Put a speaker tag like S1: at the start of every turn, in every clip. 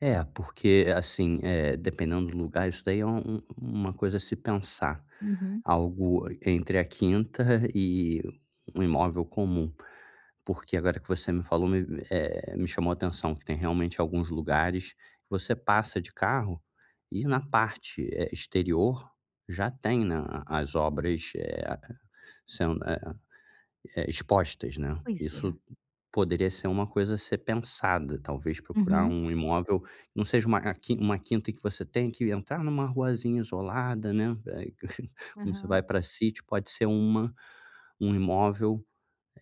S1: É, porque assim, eh, dependendo do lugar isso daí é um um uma coisa a se pensar,
S2: Uhum.
S1: algo entre a quinta e um imóvel comum, porque agora que você me falou me me, eh, me chamou atenção que tem realmente alguns lugares, você passa de carro, e na parte, eh, exterior já tem, né, a a as obras, eh, sendo, eh eh, expostas, né.
S2: Pois
S1: Isso
S2: é.
S1: poderia ser uma coisa a ser pensada, talvez, procurar
S2: Uhum.
S1: um imóvel, não seja, eh, uma uma quinta que você tenha que entrar numa ruazinha isolada, né, eh, como você
S2: Aham.
S1: vai pra sítio pode ser uma um imóvel,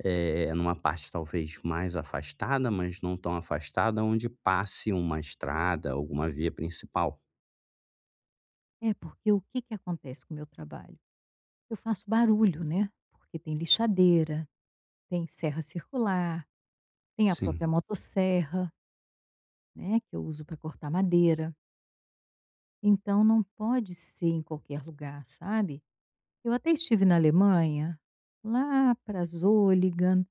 S1: eh, numa parte talvez mais afastada, mas não tão afastada onde passe uma estrada, alguma via principal.
S2: É, porque o que que acontece com o meu trabalho, eu faço barulho, né, porque tem lixadeira, tem serra circular, tem a
S1: Sim.
S2: própria motosserra né, que eu uso pra cortar madeira então, não pode ser em qualquer lugar, sabe. Eu até estive na Alemanha, lá para Zolligan,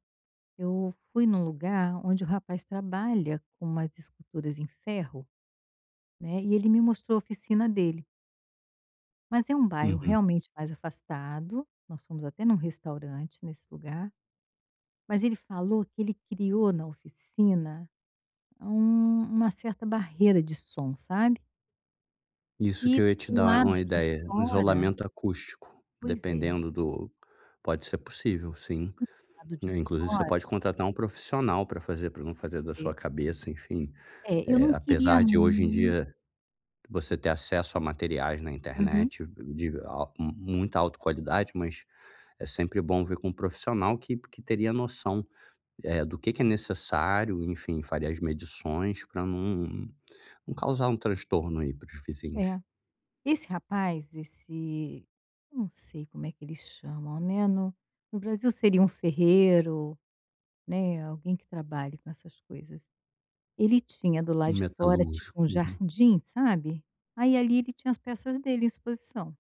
S2: eu fui em um lugar onde o rapaz trabalha com umas esculturas em ferro, né, e ele me mostrou oficina dele mas é um bairro
S1: Uhum.
S2: realmente mais afastado, nós fomos até em um restaurante nesse lugar, mas ele falou que ele criou na oficina um uma certa barreira de som, sabe?
S1: Isso
S2: E
S1: que eu ia te
S2: do
S1: dar
S2: lado
S1: uma
S2: de
S1: ideia, um
S2: fora
S1: isolamento acústico,
S2: Pois é.
S1: dependendo do pode ser possível sim,
S2: Do lado de
S1: né, inclusive você
S2: fora
S1: pode contratar um profissional pra fazer para não fazer da
S2: É.
S1: sua cabeça enfim,
S2: É, eu
S1: eh,
S2: não queria
S1: apesar de hoje em
S2: mu
S1: dia, você ter acesso a materiais na
S2: Uhum.
S1: internet, de eh, a muita alta qualidade, mas é sempre bom ver com um profissional que que teria noção do que que é necessário enfim, faria as medições para não não causar um transtorno aí para os vizinhos.
S2: É, esse rapaz esse eu não sei como é que eles chamam, né, no no Brasil seria um ferreiro, né, alguém que trabalhe com essas coisas, ele tinha do lado
S1: Um
S2: de fora tipo
S1: metalúrgico.
S2: um
S1: Uhum.
S2: jardim, sabe, aí ali ele tinha as peças dele em exposição.